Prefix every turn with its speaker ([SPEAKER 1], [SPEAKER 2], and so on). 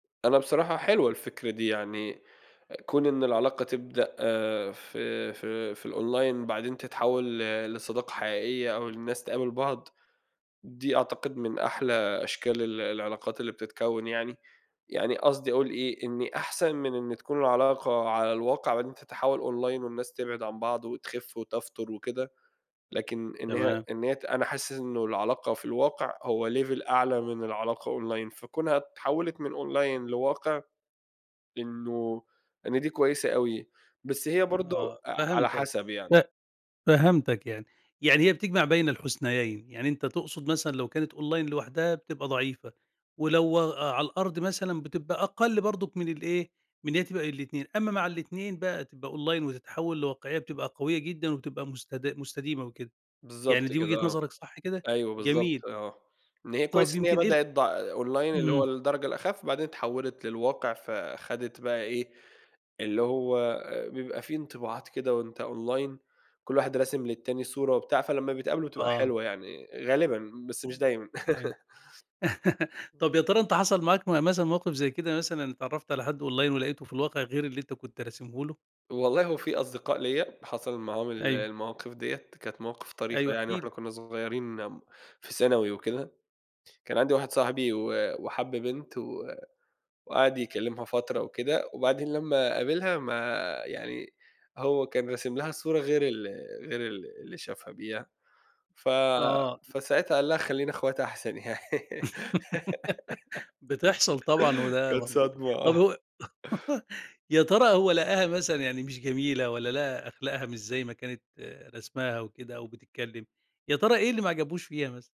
[SPEAKER 1] أنا بصراحة حلوة الفكرة دي يعني، أ كون إن العلاقة تبدأ في في في الOnline بعدين تتحول ل لصداقة حقيقية أو الناس تقابل بعض، دي أعتقد من أحلى أشكال ال العلاقات اللي بتتكوّن يعني، يعني قصدي أقول إيه، إن أحسن من إن تكون العلاقة على الواقع بعدين تتحول Online والناس تبعد عن بعض وتخف وتفتُر وكده، لكن إن هي
[SPEAKER 2] تمام.
[SPEAKER 1] إن هي ت أنا حاسس إنه العلاقة في الواقع هو level أعلى من العلاقة Online، فكونها اتحولت من Online لواقع، إنه إن دي كويسة أوي، بس هي
[SPEAKER 2] آه،
[SPEAKER 1] برضه ع على
[SPEAKER 2] فهمتك،
[SPEAKER 1] حسب يعني.
[SPEAKER 2] ف فهمتك يعني، يعني هي بتجْمَع بَين الحُسنَيَين، يعني أنت تقصد مثلًا لو كانت Online لوحدها بتبقى ضعيفة، ولو أ على الأرض مثلًا بتبقى أقل برضه من الإيه، من إن هي تبقى الاتنين، أمّا مع الاتنين بقى تبقى Online وتتحوّل لواقعية بتبقى قوية جدًا وبتبقى مستدا مستديمة وكده، يعني
[SPEAKER 1] بالضبط
[SPEAKER 2] دي
[SPEAKER 1] كده
[SPEAKER 2] وجهة
[SPEAKER 1] آه،
[SPEAKER 2] نظرك، صح كده؟
[SPEAKER 1] أيوه بالضبط
[SPEAKER 2] جميل.
[SPEAKER 1] آه، إن هي
[SPEAKER 2] طب
[SPEAKER 1] كويس إن هي
[SPEAKER 2] يمكن إيه ال
[SPEAKER 1] بدأت ضع Online اللي هو
[SPEAKER 2] اهم.
[SPEAKER 1] الدرجة الأخف، بعدين اتحولت للواقع، فخدت بقى إيه، اللي هو بيبقى في انطباعات كده وأنت Online، كلّ واحد راسم للتاني صورة وبتاع، فلمّا بيتقابلوا بتبقى
[SPEAKER 2] آه.
[SPEAKER 1] حلوة يعني، غالبًا، بس مش دايمًا.
[SPEAKER 2] أيوه.
[SPEAKER 1] آه.
[SPEAKER 2] طب يا ترى أنت حصَل معاك م مثلًا موقف زي كده، مثلًا اتعرّفت على حد Online ولقيته في الواقع غير اللي أنت كنت راسمه له؟
[SPEAKER 1] والله هو في أصدقاء ليّا، حصَل معاهم ال
[SPEAKER 2] أيوه.
[SPEAKER 1] المواقف ديّة، كانت مواقف طريفة
[SPEAKER 2] أيوه، احكِ
[SPEAKER 1] يعني وإحنا
[SPEAKER 2] لي.
[SPEAKER 1] كنا صغيّرين، آمم، في ثانوي وكده، كان عندي واحد صاحبي و وحَب بنت و وقَعَد يكلّمها فترة وكده، وبعدين لمّا قابلها ما يعني، هو كان راسم لها صورة غير ال غير ال اللي شافها بيها، ف
[SPEAKER 2] آه.
[SPEAKER 1] فساعتها قال لها: "خلّينا أخوات أحسن يعني."
[SPEAKER 2] بتحصل طبعًا وده
[SPEAKER 1] كانت
[SPEAKER 2] منطقي،
[SPEAKER 1] صدمة
[SPEAKER 2] طب
[SPEAKER 1] آه.
[SPEAKER 2] هو يا ترى هو لقاها مثلًا يعني مش جميلة، والّا لقى أخلاقها مش زي ما كانت رسماها وكده أو بتتكلّم، يا ترى إيه اللي ما عجبوش فيها مثلًا؟